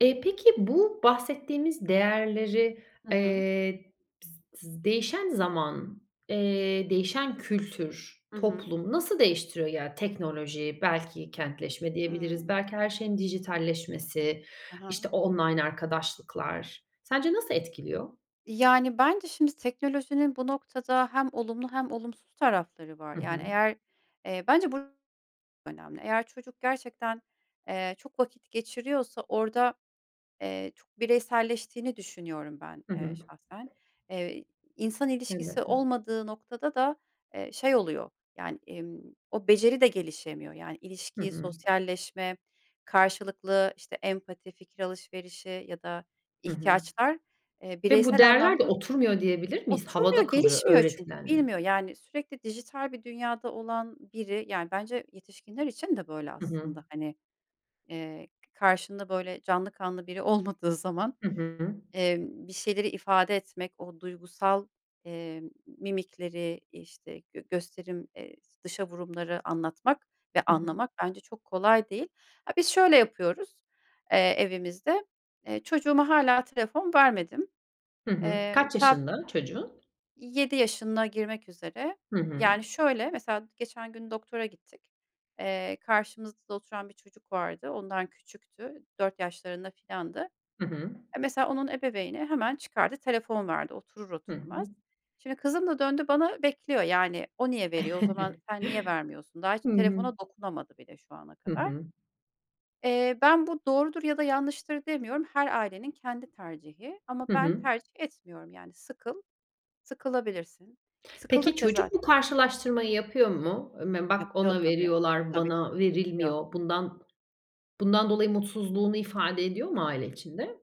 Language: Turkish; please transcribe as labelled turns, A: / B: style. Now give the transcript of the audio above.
A: Eee, peki bu bahsettiğimiz değerleri,
B: Hı hı.
A: eee, bis tız değişen zaman, eee, değişen kültür,
B: Hı hı.
A: toplum nasıl değiştiriyor ya, teknoloji, belki kentleşme diyebiliriz,
B: Hıı.
A: belki her şeyin dijitalleşmesi,
B: Ha
A: işte,
B: ha.
A: online arkadaşlıklar, sence nasıl etkiliyor?
B: Yani, bence şimdi teknolojinin bu noktada hem olumlu hem olumsuz tarafları var.
A: Hı
B: Yani,
A: hı.
B: eğer, eee, bence bu çok önemli. Eğer çocuk gerçekten, eee, çok vakit geçiriyorsa orada, eee, çok bireyselleştiğini düşünüyorum ben,
A: Hı
B: eee,
A: hı.
B: şahsen. Eee, insan ilişkisi
A: Elbette.
B: olmadığı noktada da, eee, şey oluyor yani, imm, o beceri de gelişemiyor yani;
A: Hı
B: ilişki,
A: hı.
B: sosyalleşme, karşılıklı işte empati, fikir alışverişi ya da
A: Hı hı.
B: ihtiyaçlar, eee,
A: Ve bu
B: bireysel
A: değerler de
B: anlamda
A: oturmuyor, diyebilir miyiz?
B: oturmuyor,
A: Havada kalıyor
B: gelişmiyor çünkü
A: öğretilenle.
B: bilmiyor, yani, sürekli dijital bir dünyada olan biri, yani bence yetişkinler için de böyle
A: Hı hı.
B: aslında hani, eee, karşında böyle canlı kanlı biri olmadığı zaman,
A: Hı hı.
B: emm, bir şeyleri ifade etmek, o duygusal, eee, mimikleri, işte, gö gösterim, eee, dışa vurumları anlatmak ve
A: Hı hı.
B: anlamak bence çok kolay değil. A biz şöyle yapıyoruz, eee, evimizde çocuğuma hâlâ telefon vermedim.
A: Hı hı.
B: Eee,
A: Kaç
B: ta
A: yaşında çocuğun?
B: 7 yaşına girmek üzere.
A: Hı hı.
B: Yani, şöyle, mesela, geçen gün doktora gittik. Eee, karşımızda oturan bir çocuk vardı, ondan küçüktü, 4 yaşlarında filandı.
A: Hı hı.
B: Mesela onun ebeveyni hemen çıkardı telefon verdi, oturur
A: Hı hı.
B: oturmaz. Şimdi kızım da döndü bana bekliyor yani, "O niye veriyor, o zaman sen niye vermiyorsun?" daha hiç
A: Hı hı.
B: telefona dokunamadı bile şu ana
A: Hı
B: kadar.
A: hı.
B: Eee, ben bu doğrudur ya da yanlıştır demiyorum her ailenin kendi tercihi ama
A: Hı
B: ben
A: hı.
B: tercih etmiyorum. Yani, sıkıl sıkılabilirsin,
A: Peki,
B: sıkıldıkça
A: çocuk bu
B: zaten
A: karşılaştırmayı yapıyor mu? "Im mem bak,
B: Yapıyor
A: ona
B: tabii,
A: veriyorlar,
B: tabii
A: bana
B: yapıyor.
A: verilmiyor." Bundan bundan dolayı mutsuzluğunu ifade ediyor mu aile içinde?